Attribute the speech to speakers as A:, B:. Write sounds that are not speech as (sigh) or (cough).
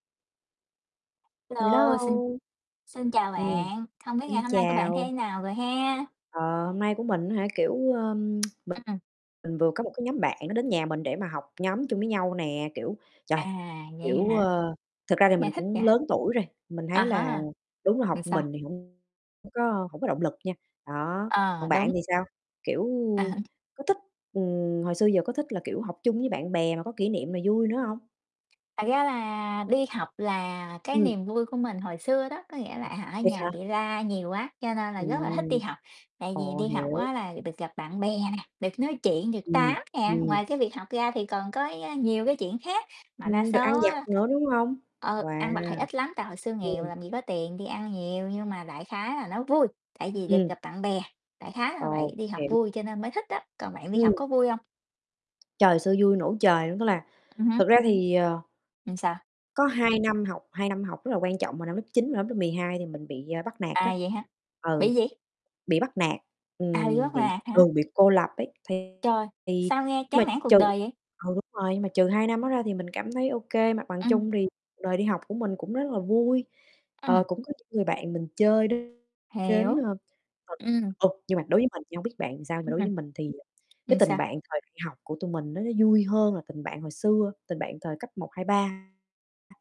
A: Hello,
B: Hello!
A: xin xin chào
B: Ừm,
A: bạn, không biết ngày
B: xin
A: hôm nay của bạn
B: chào.
A: thế nào rồi ha?
B: Ờ, hôm nay của mình á hả, kiểu, ờm, (tsk) mình
A: Ừm.
B: mình vừa có một cái nhóm bạn, nó đến nhà mình để mà học nhóm chung với nhau nè. Kiểu, trời,
A: À, vậy
B: kiểu,
A: hả?
B: ờ thực ra thì mình
A: Nghe thích
B: cũng
A: vậy.
B: lớn tuổi rồi, mình
A: À
B: thấy là
A: há,
B: đúng là học
A: ừm,
B: một
A: sao?
B: mình thì hông hông có hổng có động lực nha. Đó,
A: Ờ,
B: còn bạn
A: đúng.
B: thì sao? Kiểu,
A: À há.
B: có thích ừm, hồi xưa giờ có thích là, kiểu, học chung với bạn bè mà có kỷ niệm nè, vui nữa hông?
A: Thật ra là đi học là cái
B: Ừm.
A: niềm vui của mình hồi xưa đó, có nghĩa là, à, ở
B: Thiệt hả?
A: nhà bị la nhiều quá, cho nên là rất là thích đi
B: Ừm.
A: học. Tại vì
B: Ồ,
A: đi học
B: hiểu.
A: á là được gặp bạn bè nè, được nói chuyện, được tám
B: Ừm,
A: nè.
B: ừm.
A: Ngoài cái việc học ra thì còn có, a, nhiều cái chuyện khác mà đa
B: Ừm, được ăn
A: số á
B: vặt nữa, đúng hông?
A: ờ, ăn vặt
B: Wow!
A: thì ít lắm, tại hồi xưa nghèo
B: Ừm.
A: làm gì có tiền đi ăn nhiều. Nhưng mà đại khái là nó vui, tại vì được
B: Ừm.
A: gặp bạn bè, đại khái là vậy,
B: Ồ,
A: đi học
B: hiểu.
A: vui cho nên mới thích á, còn bạn đi học
B: Ừm.
A: có vui hông?
B: Trời, hồi xưa vui nổ trời luôn! Tức là
A: Ừm hứm.
B: thực ra thì, ờ
A: Ừm, sao?
B: có hai năm học, hai năm học rất là quan trọng vào năm lớp 9 và năm lớp 12 thì mình bị, à, bắt nạt á.
A: À, vậy hả?
B: Ừ,
A: Bị gì?
B: bị bắt nạt,
A: À, bị
B: ừm,
A: bắt
B: bị
A: nạt hả?
B: ừ, bị cô lập ấy. Thì
A: Trời,
B: thì
A: sao nghe
B: nhưng
A: chán
B: mà
A: nản cuộc
B: trừ
A: đời vậy?
B: ừ, đúng rồi, nhưng mà trừ hai năm đó ra thì mình cảm thấy ô kê, mặt bằng
A: Ừm.
B: chung thì cuộc đời đi học của mình cũng rất là vui, ờ,
A: Ừm.
B: cũng có những người bạn mình chơi đến đến,
A: Hiểu,
B: ơ, (unintelligible)
A: ừm.
B: ừ. Nhưng mà đối với mình nha hông biết bạn thì sao, mà
A: Ưm,
B: đối với mình thì cái
A: ừm,
B: tình
A: sao?
B: bạn thời đi học của tụi mình đó, nó vui hơn là tình bạn hồi xưa, tình bạn thời cấp 1, 2, 3.